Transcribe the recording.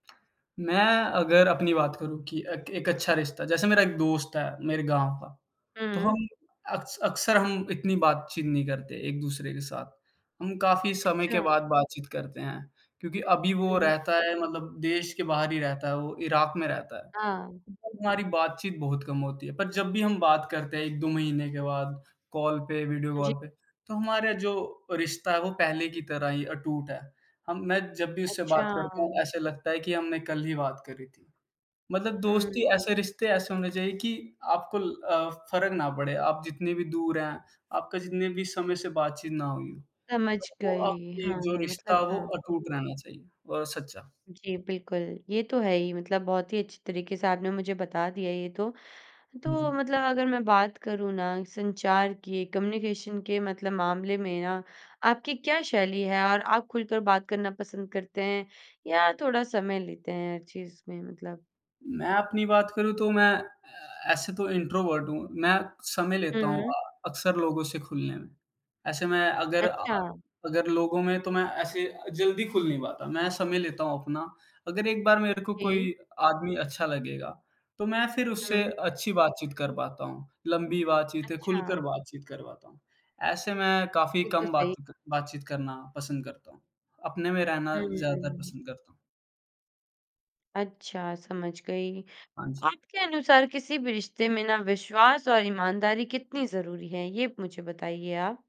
मैं अगर अपनी बात करूँ कि एक एक अच्छा रिश्ता, जैसे मेरा एक दोस्त है, मेरे गाँव का, तो हुँ। हम अक्स अक़्सर हम इतनी बातचीत नहीं करते एक-दूसरे के साथ। हम काफ़ी समय के अच्छा। बाद बातचीत करते हैं क्योंकि अभी वो हुँ। रहता है मतलब देश के बाहर ही रहता है, वो इराक़ में रहता है हाँ। [unintelligible] हमारी बातचीत बहुत कम होती है। पर जब भी हम बात करते हैं 1-2 महीने के बाद कॉल पे, वीडियो जी। कॉल पे, तो हमारा जो रिश्ता है वो पहले की तरह ही अटूट है। हम मैं जब भी उससे बात करता हूँ, अच्छा। ऐसे लगता है कि हमने कल ही बात करी थी। मतलब दोस्ती हुँ। ऐसे, रिश्ते ऐसे होने चाहिए कि आपको ल अ, फ़र्क ना पड़े, आप जितनी भी दूर हैं, आपका जितने भी समय से बातचीत ना हुई हो, समझ पर वो गई। आपकी हाँ, जो हाँ। रिश्ता मतलब हो हाँ। अटूट रहना चाहिए और सच्चा। जी बिल्कुल। ये तो है ही मतलब बहुत ही अच्छी तरीक़े से आपने मुझे बता दिया ये तो। हुँ, हुँ। तो मतलब अगर मैं बात करूँ ना संचार की, कम्युनिकेशन के मतलब मामले में ना, आपकी क्या शैली है और आप ख़ुलकर बात करना पसंद करते हैं या थोड़ा समय लेते हैं हर चीज़ में मतलब? मैं अपनी बात करूँ तो मैं अ, ऐसे तो इंट्रोवर्ट हूँ। मैं समय हुँ, लेता हूँ हुँ। अ अक़्सर लोगों से खुलनें में। ऐसे मैं अगर अ अ, अच्छा। अगर लोगों में तो मैं ऐसे जल्दी ख़ुल नहीं पाता मैं समय लेता हूँ अपना। अगर एक बार मेरे को जी। कोई आदमी अच्छा लगेगा तो मैं फिर उससे हुँ। अच्छी बातचीत कर पाता हूँ, लंबी बातचीतें, ख़ुलकर अच्छा। बातचीत कर पाता हूँ। ऐसे मैं काफ़ी ये तो कम बात सही त बातचीत करना पसंद करता हूँ। अपने में रहना ज़्यादातर हुँ। पसंद करता हूँ। अच्छा, समझ गई। हाँ जी। आपके अनुसार किसी भी रिश्तें में ना विश्वास और ईमानदारी कितनी ज़रूरी है? ये मुझे बताइए आप।